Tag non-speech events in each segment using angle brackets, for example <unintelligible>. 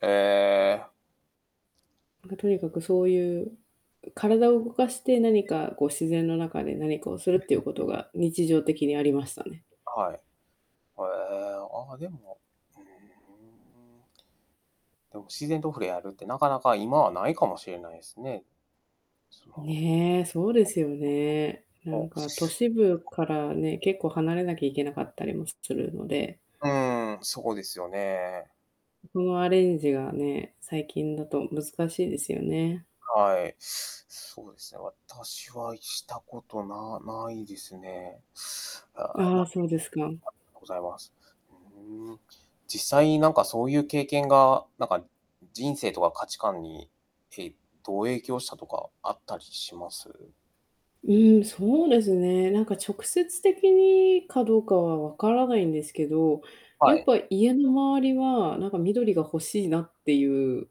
ええ。ま、とにかくそういう、うう。体を動かして、何え、ま。か、こう、自然の中で何かをするっていうこと <unintelligible> が、日常的にありましたね。はい。は、ええ。ああ、でもうーん。でも自然と触れ合うなかなか、今は無いかもしれないすね。すまほねえ、そうですよね。なーーん <unintelligible> お、しか、都市部からね、<unintelligible> 結構離れなきゃいけなかったりもすするので。うーん、そこですよね。そこのアレンジがね、最近だと難しいですよね。はい。そうですね、私はしたこと、な無いですね。ああ、無あい。あ、ありそうですか。がとうございます。うーん。実際、なんかそういう経験が、なんか、ん人生とか価値観に、ええ、どう影響したとか、あったりします？うーん、そうですね。なんか、直接的にかどうかは分からないんですけど、やはっい。ぱ家の周りは、なんか、緑が欲しいなっていう、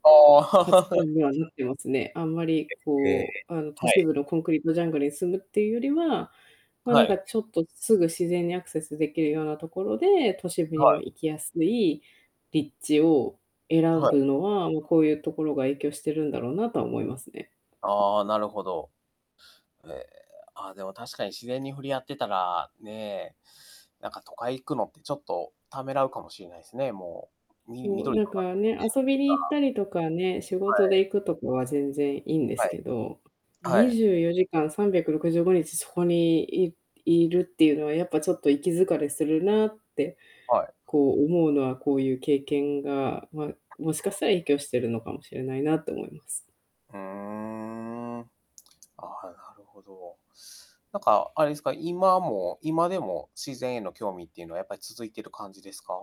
価値ああ。観 <laughs> にはなってますね。あんまり、え、ええ。こう、あの、都は市い。部のコンクリートジャングルに住むっていうよりは、まあ、なはんい。か、ゆちょっと、すぐ自然にアクセスできるようなところで、都市部にはもい。行きやすい立地をあ、選はい。ぶのは、もう、こういうところが影響してるんだろうな、とは思いますね。ああ、なるほど。ええ、あ、でも確かに自然に触れ合ってたら、ねえ、なんか都会行くのってちょっと、ためらうかもしれないすね、もう、みもう、緑なんのか中のね、<unintelligible> 遊びに行っか。たりとかね、仕は事い。で行くとかは全然良いんではすい。けど、はにい。じゅうよじかん365日そこにいいるっていうのは、やっぱ、ちょっと、いき疲れするなって、はい。こう、思うのは、こういう経験が、まあ、もしかしたら影響してるのかもしれないな、と思います。うーん。ああ、なるほど。なんか、あれですか、今も今でも自然への興味っていうのは、やっぱり続いてる感じですか？